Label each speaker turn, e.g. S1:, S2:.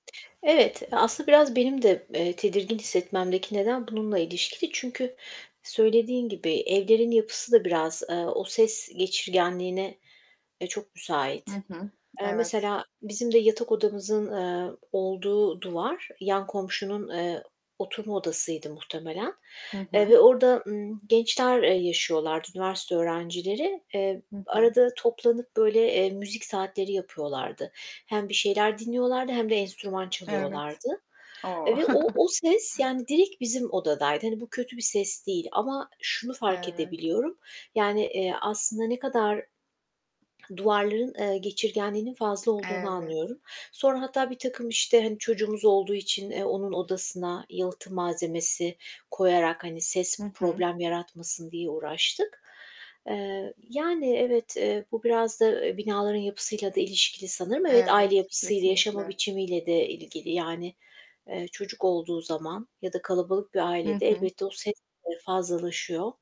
S1: Evet, aslında biraz benim de, eee, tedirgin hissetmemdeki neden bununla ilişkili. Çünkü söylediğin gibi evlerin yapısı da biraz, eee, o ses geçirgenliğine, eee, çok
S2: Hı
S1: müsait.
S2: hı,
S1: Eee,
S2: evet.
S1: mesela bizim de yatak odamızın, eee, olduğu duvar, yan komşunun, eee, oturma odasıydı muhtemelen,
S2: Hı
S1: eee,
S2: hı.
S1: ve orda, ımm, gençler, eee, yaşıyorlardı, üniversite öğrencileri. Eee,
S2: Hı hı.
S1: arada toplanıp böyle, eee, müzik saatleri yapıyorlardı. Hem bir şeyler dinliyorlardı hem de enstrüman
S2: Evet,
S1: çalıyorlardı
S2: o!
S1: ve o o ses yani direkt bizim odadaydı. Hani bu kötü bir ses değil ama şunu fark
S2: Evet.
S1: edebiliyorum. Yani, eee, aslında ne kadar duvarların, eee, geçirgenliğinin fazla olduğunu anlıyorum.
S2: Evet.
S1: Sonra hatta birtakım işte, hani, çocuğumuz olduğu için, eee, onun odasına yalıtım malzemesi koyarak, hani, ses
S2: Hı hı.
S1: problem yaratmasın diye uğraştık. Eee, yani, evet, eee, bu biraz da eee binaların yapısıyla da ilişkili sanırım. Evet, aile
S2: Evet,
S1: yapısıyla, yaşama
S2: kesinlikle.
S1: biçimiyle de ilgili yani, eee, çocuk olduğu zaman ya da kalabalık bir
S2: Hı
S1: ailede
S2: hı.
S1: elbette o ses eee, fazlalaşıyor.